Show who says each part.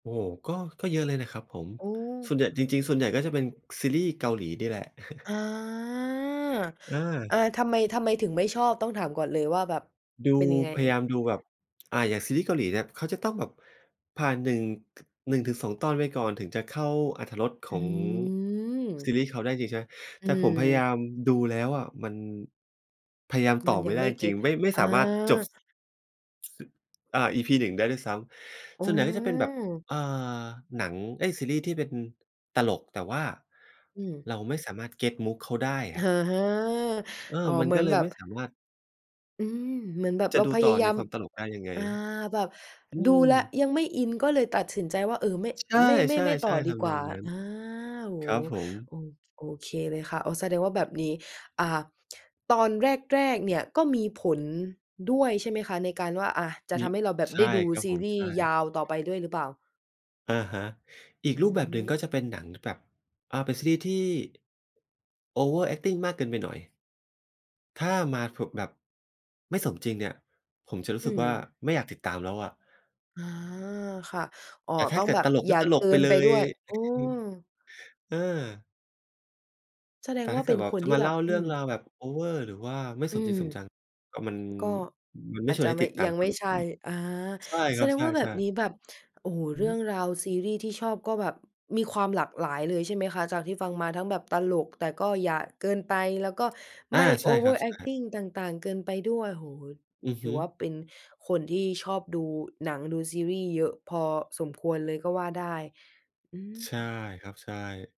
Speaker 1: โอ้โฮ ก็ ก็เยอะเลยนะครับผม
Speaker 2: อ๋
Speaker 1: ส
Speaker 2: อ
Speaker 1: ่วนใหญ่ จริง ๆ ส่วนใหญ่ ก็จะเป็นซีรีส์เกาหลีนี่แหละ
Speaker 2: อา
Speaker 1: เ
Speaker 2: อา
Speaker 1: ออ
Speaker 2: ทำไม ทำไมถึงไม่ชอบ ต้องถามก่อนเลยว่าแบบ
Speaker 1: ดู
Speaker 2: เป็นยังไง
Speaker 1: พ
Speaker 2: เ
Speaker 1: ย
Speaker 2: อ่
Speaker 1: าย
Speaker 2: ย?
Speaker 1: ามดูแบบ อ่า อย่างซีรีส์เกาหลีเนี่ย เขาจะต้องแบบผ่าน 1 ถ 1-2 ตอนไปก่อนถึงจะเข้าอรรถรสข
Speaker 2: อ
Speaker 1: อ
Speaker 2: ื
Speaker 1: งซี
Speaker 2: ม
Speaker 1: รีส์เขาได้จริงใช่ไหม?
Speaker 2: อื
Speaker 1: แต่ผมพยายา
Speaker 2: ม
Speaker 1: มดูแล้วอะมัน พยายามต่
Speaker 2: มั
Speaker 1: อ
Speaker 2: น
Speaker 1: ไ
Speaker 2: ย
Speaker 1: ม
Speaker 2: ั
Speaker 1: ่
Speaker 2: ง
Speaker 1: ได
Speaker 2: ไ
Speaker 1: ้
Speaker 2: ม่
Speaker 1: จ
Speaker 2: เก
Speaker 1: ร
Speaker 2: ็
Speaker 1: ิง
Speaker 2: ต
Speaker 1: ๆ ไม่ ไม่
Speaker 2: อ
Speaker 1: สามารถจบ
Speaker 2: า
Speaker 1: อ่า อีพี 1 ได้ด้วยซ้
Speaker 2: อ๋
Speaker 1: ำ ส่วนใหญ่ก็จะเป็นแบบ
Speaker 2: อ
Speaker 1: อ่า หนัง เอ๊ย ซีรีส์ที่เป็นตลก แต่ว่า
Speaker 2: อืม
Speaker 1: เราไม่สามารถเก็ตมุกเขาได้อ
Speaker 2: อ
Speaker 1: ะ
Speaker 2: า
Speaker 1: เออ
Speaker 2: อ๋อ
Speaker 1: มั
Speaker 2: เ
Speaker 1: น
Speaker 2: หมื
Speaker 1: ก
Speaker 2: อ
Speaker 1: ็
Speaker 2: น
Speaker 1: เล
Speaker 2: แบ
Speaker 1: ยไ
Speaker 2: บ
Speaker 1: ม่สามารถ
Speaker 2: อืม เหมือนแบบ
Speaker 1: จ
Speaker 2: เ
Speaker 1: ะ
Speaker 2: รา
Speaker 1: ดู
Speaker 2: พ
Speaker 1: ต
Speaker 2: ย
Speaker 1: ่อ
Speaker 2: าย
Speaker 1: ใ
Speaker 2: า
Speaker 1: น
Speaker 2: ม
Speaker 1: ความตลกได้ยังไง?
Speaker 2: อา แบบ
Speaker 1: อื
Speaker 2: ดูแล้ว
Speaker 1: อ
Speaker 2: ยังไม่อิน ก็เลยตัดสินใจว่า เออ ไม่
Speaker 1: ใช
Speaker 2: ไม่ ไม่
Speaker 1: ่
Speaker 2: ไม่ต่อ
Speaker 1: ๆ ๆ
Speaker 2: ด
Speaker 1: ท
Speaker 2: ีก
Speaker 1: ำน
Speaker 2: ว
Speaker 1: อ
Speaker 2: ่า
Speaker 1: งนั้น
Speaker 2: อา โอ้
Speaker 1: ครับผม
Speaker 2: โอ โอเคเลยค่ะ อ๋อ แสดงว่าแบบนี้ อ่า ตอนแรก ๆ เนี่ยก็มีผลด้วย ใช่ไหมคะ? ในการว่า อะ จะ
Speaker 1: มี
Speaker 2: ทำให้เราแบบ
Speaker 1: ใช
Speaker 2: ได้
Speaker 1: ่
Speaker 2: ดู
Speaker 1: ครับ
Speaker 2: ซ
Speaker 1: ผ
Speaker 2: ี
Speaker 1: ม
Speaker 2: รี่
Speaker 1: ใช
Speaker 2: ส์
Speaker 1: ่
Speaker 2: ยาวต่อไปด้วยหรือเปล่า?
Speaker 1: อะฮะ อีก
Speaker 2: อื
Speaker 1: รูปแบบหนึ่ง
Speaker 2: ม
Speaker 1: ก็จะเป็นหนังแบบ อ่า เป็นซีรีส์ที่ Overacting มากเกินไปหน่อย ถ้ามา ฟ แบบไม่สมจริงเนี่ย ผมจะรู้
Speaker 2: อื
Speaker 1: สึกว่า
Speaker 2: ม
Speaker 1: ไม่อยากติดตามแล้วอะ
Speaker 2: อา ค่ะ อ๋อ
Speaker 1: แต่ถ้
Speaker 2: ต
Speaker 1: า
Speaker 2: ้อ
Speaker 1: เ
Speaker 2: ง
Speaker 1: กิ
Speaker 2: แบ
Speaker 1: ด
Speaker 2: บ
Speaker 1: ตลก
Speaker 2: อย
Speaker 1: ก็
Speaker 2: ่า
Speaker 1: ตล
Speaker 2: เก
Speaker 1: ก
Speaker 2: ิ
Speaker 1: ไป
Speaker 2: น
Speaker 1: เล
Speaker 2: ไปด
Speaker 1: ย
Speaker 2: ้วย อืม
Speaker 1: อือ อา
Speaker 2: แสด
Speaker 1: แต
Speaker 2: ง
Speaker 1: ่
Speaker 2: ว่
Speaker 1: ถ้
Speaker 2: า
Speaker 1: าเ
Speaker 2: เ
Speaker 1: ก
Speaker 2: ป
Speaker 1: ิ
Speaker 2: ็
Speaker 1: ด
Speaker 2: น
Speaker 1: แบบ
Speaker 2: คน
Speaker 1: จะ
Speaker 2: ที่
Speaker 1: มา
Speaker 2: แ
Speaker 1: เ
Speaker 2: บ
Speaker 1: ล่
Speaker 2: บ
Speaker 1: าเ
Speaker 2: อ
Speaker 1: ร
Speaker 2: ื
Speaker 1: ื่อง
Speaker 2: ม
Speaker 1: ราวแบบโอเวอร์ หรือว่าไม่
Speaker 2: อ
Speaker 1: ส
Speaker 2: ื
Speaker 1: มจร
Speaker 2: ม
Speaker 1: ิงสมจังอะ มัน
Speaker 2: ก็
Speaker 1: มันไม
Speaker 2: อ
Speaker 1: ่
Speaker 2: าจ
Speaker 1: ชว
Speaker 2: จ
Speaker 1: น
Speaker 2: ะ
Speaker 1: ให้
Speaker 2: ไม
Speaker 1: ต
Speaker 2: ่
Speaker 1: ิดตา
Speaker 2: ยั
Speaker 1: ม
Speaker 2: ง
Speaker 1: ค
Speaker 2: ไ
Speaker 1: ร
Speaker 2: ม่
Speaker 1: ับ
Speaker 2: ใช่
Speaker 1: ผม
Speaker 2: อา
Speaker 1: ใช่
Speaker 2: แ
Speaker 1: ค
Speaker 2: ส
Speaker 1: รับ
Speaker 2: ดง
Speaker 1: ใ
Speaker 2: ว่าแบ
Speaker 1: ช่
Speaker 2: บ
Speaker 1: ๆ
Speaker 2: นี้แบบ โอ้โฮ เรื่อง
Speaker 1: หือ
Speaker 2: ราวซีรีส์ที่ชอบ ก็แบบมีความหลากหลายเลยใช่ไหมคะ? จากที่ฟังมาทั้งแบบตลก แต่ก็อย่าเกินไป แล้วก็
Speaker 1: อ
Speaker 2: ไ
Speaker 1: า
Speaker 2: ม่
Speaker 1: ใช่ครับใช่
Speaker 2: Overacting ต่าง ๆ เกินไปด้วย โอ้โฮ
Speaker 1: อือ
Speaker 2: ถ
Speaker 1: ฮ
Speaker 2: ือ
Speaker 1: ึ
Speaker 2: ว่าเป็นคนที่ชอบดูหนัง ดูซีรี่ส์เยอะพอสมควรเลยก็ว่าได้ อื
Speaker 1: ใช่
Speaker 2: ม
Speaker 1: ครับ ใช่